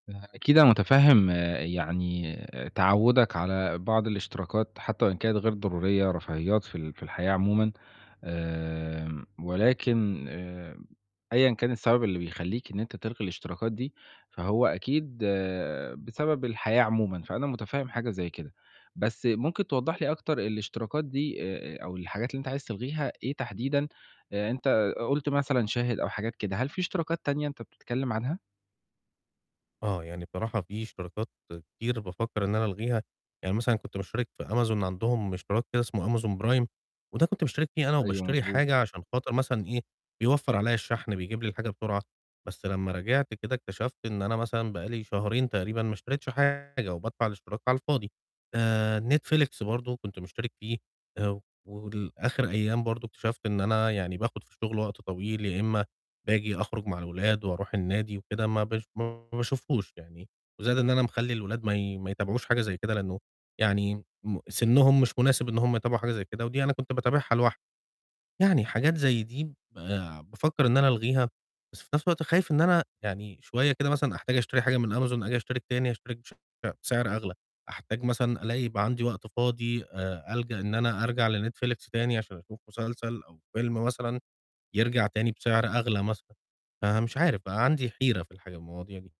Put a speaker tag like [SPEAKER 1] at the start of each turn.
[SPEAKER 1] فأكيد أنا مُتفهِّم يعني آآ تعوُّدك على بعض الاشتراكات حتّى وإن كانت غير ضرورية رفاهيات في ال في الحياة عمومًا. آمم ولكن آآ أيًا كان السبب اللي بيخلّيك إن أنت تلغي الاشتراكات دي، فهو أكيد بسبب الحياة عمومًا، فأنا مٌتفهِّم حاجة زي كده. بس ممكن توضّح لي أكتر الاشتراكات دي آآ آآ أو الحاجات اللي أنت عايز تلغيها إيه تحديدًا؟ يعني أنت آآ قُلت مثلًا شاهد أو حاجات كده، هل فيه اشتراكات تانية أنت بتتكلِّم عنها؟
[SPEAKER 2] آه، يعني بصراحة فيه اشتراكات كتير بافكَّر إن أنا ألغيها، يعني مثلًا كنت مُشترِك في Amazon عندهم اشتراك كده اسمه Amazon Prime، وده كنت مُشترِك فيه أنا
[SPEAKER 1] أيوة
[SPEAKER 2] وباشتري
[SPEAKER 1] مضبوط.
[SPEAKER 2] حاجة عشان خاطر مثلًا إيه، بيوفَّر عليّا الشَحْن، بيجيب لي الحاجة بسرعة. بس لمّا راجعت كده، اكتشفت إن أنا مثلًا بقى لي شهرين تقريبًا ما اشتريتش حاجة وبادفع الاشتراك على الفاضي. آآ Netflix برضه كنت مُشترِك فيه آآ ولآخِر أيام برضه اكتشفت إن أنا يعني باخُد في الشُغل وقت طويل يا إمّا باجي أخرُج مع الولاد وأروح النادي وكده ما بش ما باشوفهوش يعني، وزائد إن أنا مخلّي الأولاد ما ي ما يتابعوش حاجة زي كده، لإنّه يعني م سِنُّهم مش مناسب إن هم يتابعوا حاجة زي كده، ودي أنا كنت باتابعها لوحدي. يعني حاجات زي دي ب بافّكر إن أنا ألغيها، بس في نَفْس الوقت خايف إن أنا يعني شوية كده مثلًا أحتاج أشتري حاجة من Amazon آجي أشترك تاني، أشترك بشعر بسعر أغلى. أحتاج مثلًا ألاقي يبقى عندي وقت فاضي آآ ألجأ إن أنا أرجع لNetflix تاني عشان أشوف مسلسل أو فيلم مثلًا، يرجع تاني بسعر أغلى مثلًا. فمش عارف، بقى عندي حيرة في الحاجة المواضيع دي.